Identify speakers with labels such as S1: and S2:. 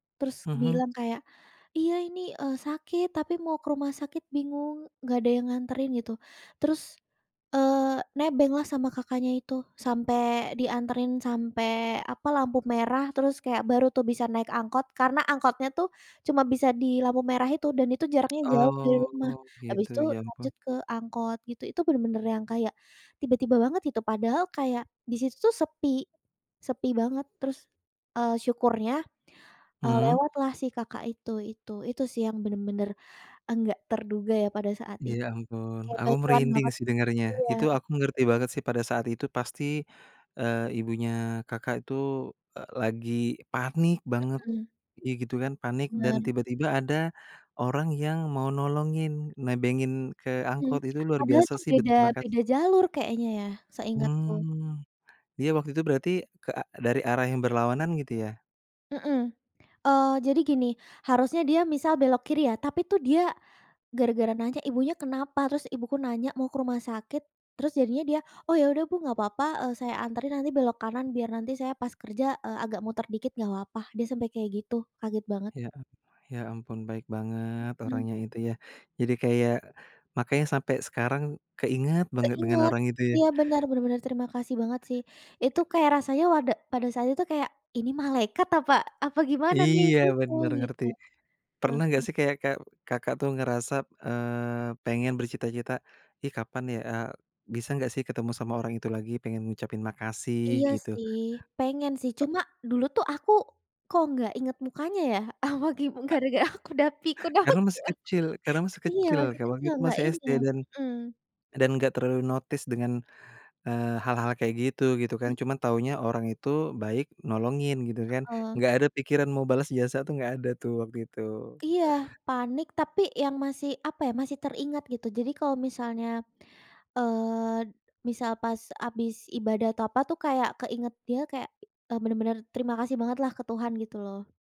S1: Terus
S2: Mhm.
S1: bilang kayak, "Iya ini, eee, sakit tapi mau ke rumah sakit bingung nggak ada yang nganterin gitu," terus, eee, nebenglah sama kakaknya itu sampai dianterin, sampai apa lampu merah terus kayak baru tuh bisa naik angkot karena angkotnya tuh cuma bisa di lampu merah itu dan itu jaraknya jauh dari rumah.
S2: Oh,
S1: Habis
S2: gitu
S1: itu
S2: ya ampun.
S1: lanjut ke angkot gitu, itu bener-bener yang kayak tiba-tiba banget itu padahal kayak di situ sepi sepi banget terus, eee, syukurnya, eee,
S2: Mmm.
S1: lewatlah si kakak itu itu. Itu sih yang bener-bener nggak terduga ya pada saat it
S2: Ya ampun.
S1: kaya
S2: Aku
S1: bantuan
S2: merinding
S1: banget.
S2: sih dengernya,
S1: Iya.
S2: itu aku mengerti banget sih pada saat itu pasti, eee, ibunya Kakak itu, eee, lagi panik banget
S1: Mmm.
S2: gi gitu kan panik dan
S1: Bener.
S2: tiba-tiba ada orang yang mau nolongin nebengin ke
S1: Mmm.
S2: angkot itu luar
S1: Padahal
S2: biasa
S1: itu
S2: sih
S1: beda
S2: berterima
S1: beda
S2: kasih.
S1: jalur kayaknya ya seingatku.
S2: Hmm, dia waktu itu berarti ke a dari arah yang berlawanan gitu ya?
S1: Mmm. Oh, jadi gini harusnya dia misal belok kiri ya tapi tuh dia gara-gara nanya, "Ibunya kenapa?" Terus ibuku nanya, "Mau ke rumah sakit," terus jadinya dia, "Oh, ya udah, Bu, nggak apa-apa, eee, saya anterin nanti belok kanan biar nanti saya pas kerja, eee, agak muter dikit nggak apa-apa," dia sampai kayak gitu kaget banget.
S2: Ya Allah, ya ampun baik banget
S1: Mhm.
S2: orangnya itu ya. Jadi kayak makanya sampai sekarang keingat banget dengan
S1: Keinget,
S2: orang itu ya.
S1: iya bener, benar-benar terima kasih banget sih. Itu kayak rasanya wada pada saat itu kayak, "Ini malaikat apa apa gimana nih?"
S2: Iya
S1: Gitu
S2: bener
S1: gitu.
S2: ngerti, pernah enggak
S1: Mhm.
S2: sih kayak kek Kakak tuh ngerasa, eee, pengen bercita-cita, "Ih, kapan ya eee, bisa nggak sih ketemu sama orang itu lagi pengen ngucapin makasih
S1: Iya
S2: gitu.
S1: sih, pengen sih cuma dulu tuh aku kok nggak inget mukanya ya apa gi
S2: A
S1: gara-gara aku udah pikun apa
S2: Karena masih
S1: giman
S2: kecil karena masih
S1: iya
S2: kecil
S1: masih
S2: kayak waktu
S1: kecil
S2: itu
S1: gak
S2: masih SD
S1: inget.
S2: dan
S1: Mhm.
S2: dan enggak terlalu notice dengan, eee, hal-hal kayak gitu, gitu kan. Cuma taunya orang itu baik nolongin gitu kan,
S1: Heeh.
S2: enggak ada pikiran mau balas jasa tuh enggak ada tuh waktu itu.
S1: Iya, panik tapi yang masih apa ya, masih teringat gitu. Jadi kalau misalnya, eee, misal pas habis ibadah atau apa tuh kayak keinget dia kayak, eee, bener-bener terima kasih bangetlah ke Tuhan gitu loh.